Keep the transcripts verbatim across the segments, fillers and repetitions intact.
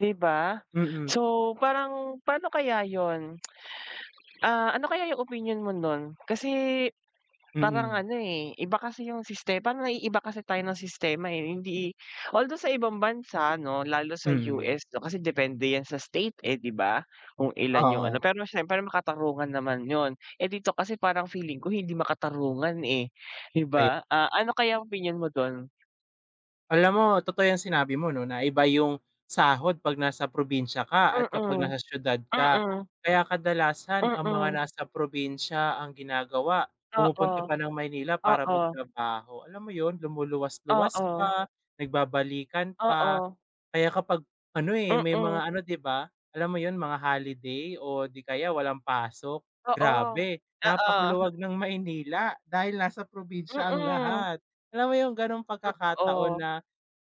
Di ba? Mm. So parang pano kaya 'yun, ah, ano kaya 'yung opinyon mo nun, kasi parang Mm. ano eh, iba kasi 'yung sistema parang naiiba kasi tayo ng sistema eh, hindi although sa ibang bansa ano lalo sa Mm. U-S 'no, kasi depende 'yan sa state eh, di ba, kung ilan 'yung ano, Oo. pero siyempre makatarungan naman 'yun eh, dito kasi parang feeling ko hindi makatarungan eh, di Kaya ba? Ah, ano kaya opinyon mo do'n? Alam mo totoo 'yang sinabi mo 'no, na iba 'yung sahod 'pag nasa probinsya ka at kapag Mm, nasa siyudad ka, mm. kaya kadalasan ang mga Mm. nasa probinsya ang ginagawa pumupunta Oo, pa ng Maynila para oo. magtrabaho. Alam mo 'yun, lumuluwas luwas Oo. pa, nagbabalikan pa, Oo. kaya kapag ano eh, may Mm. mga ano di ba, alam mo 'yun, mga holiday o di kaya walang pasok, Oo, grabe oo. napakaluwag ng Maynila, dahil nasa probinsya ang Mm. lahat. Alam mo 'yung gano'ng pagkakataon Totoo. na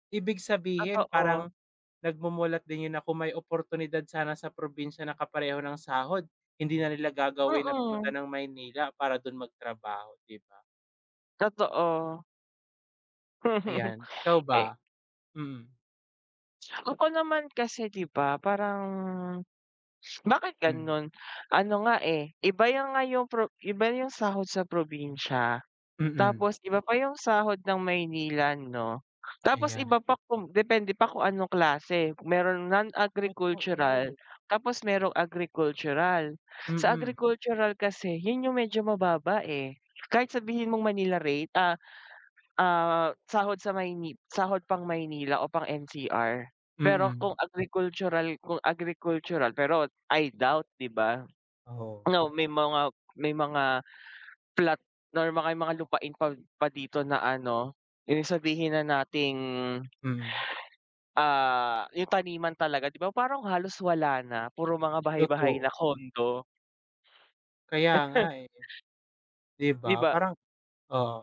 ibig sabihin Totoo. parang nagmumulat din 'yun na kung may oportunidad sana sa probinsya na kapareho ng sahod hindi na nila gagawin na pumunta Mm. ng Maynila para do'n magtrabaho, di ba? Totoo. Ayan ikaw Eh ba? Mm. Ako naman kasi di ba, parang bakit Mm. gano'n, ano nga eh, iba 'yung nga 'yung pro 'yung iba yung sahod sa probinsya, Mm. tapos iba pa 'yung sahod ng Maynila 'no, tapos Ayan. iba pa kung depende pa kung anong klase, merong non-agricultural Totoo. tapos merong agricultural. Sa Mm. agricultural kasi 'yun 'yung medyo mababa eh, kahit sabihin mong Manila rate, a a sahod sa Mayni sahod pang Manila o pang N-C-R, pero Mm. kung agricultural, kung agricultural pero I doubt, di ba? Oo. No, may mga may mga plot or may mga lupain pa pa dito na ano 'yung sabihin na nating Mm. Ah, 'yung taniman talaga di ba, parang halos wala na, puro mga bahay bahay na, Totoo. condo. Kaya nga eh, di ba? Di ba? Parang oo.